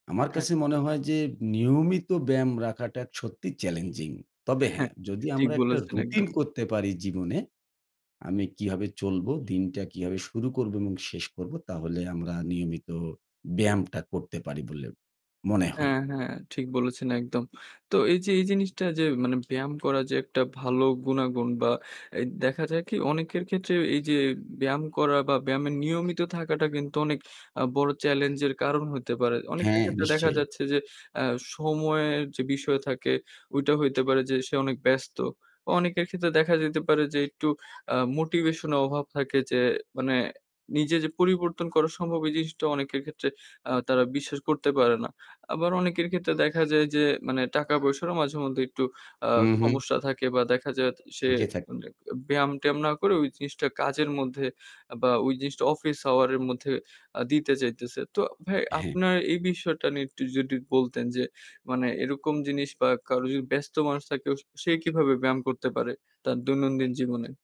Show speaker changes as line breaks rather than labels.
আমার
হ্যাঁ।
কাছে মনে হয় যে নিয়মিত ব্যায়াম রাখাটা সত্যিই চ্যালেঞ্জিং। তবে
হ্যাঁ,
হ্যাঁ, যদি
ঠিক
আমরা একটা
বলেছেন
রুটিন
একদম।
করতে পারি জীবনে আমি কিভাবে চলবো, দিনটা কিভাবে শুরু করব এবং শেষ করব তাহলে আমরা নিয়মিত ব্যায়ামটা করতে পারি বলে মনে হয়।
হ্যাঁ, হ্যাঁ ঠিক বলেছেন একদম। তো এইযে এই জিনিসটা যে মানে ব্যায়াম করা যে একটা ভালো গুনাগুন বা এ দেখা যায় কি অনেকের ক্ষেত্রে এইযে ব্যায়াম করা বা ব্যায়ামের নিয়মিত থাকাটা কিন্তু অনেক আ বড় চ্যালেঞ্জের কারণ হইতে পারে। অনেকের
হ্যাঁ,
ক্ষেত্রে দেখা
নিশ্চয়ই।
যাচ্ছে যে আ সময়ের যে বিষয় থাকে ঐটা হইতে পারে যে সে অনেক ব্যস্ত। অনেকের ক্ষেত্রে দেখা যেতে পারে যে একটু আ মোটিভেশন এর অভাব থাকে যে মানে নিজের যে পরিবর্তন করা সম্ভব এই জিনিসটা অনেকের ক্ষেত্রে আ তারা বিশ্বাস করতে পারে না, আবার অনেকের ক্ষেত্রে দেখা যায় যে মানে টাকা-পয়সারও মাঝে মধ্যে একটু আ
হু, হু।
সমস্যা থাকে বা দেখা যায় সে
যে থাক
মানে ব্যায়াম-ট্যায়াম না করে ওই জিনিসটা কাজের মধ্যে বা ওই জিনিসটা অফিস আওয়ারের মধ্যে আ দিতে চাইতেছে। তো ভাই
হ্যাঁ।
আপনার এই বিষয়টা নিয়ে একটু যদি বলতেন যে মানে এরকম জিনিস বা কারো যদি ব্যস্ত মানুষ থাকে সে কীভাবে ব্যায়াম করতে পারে, তার দৈনন্দিন জীবনে?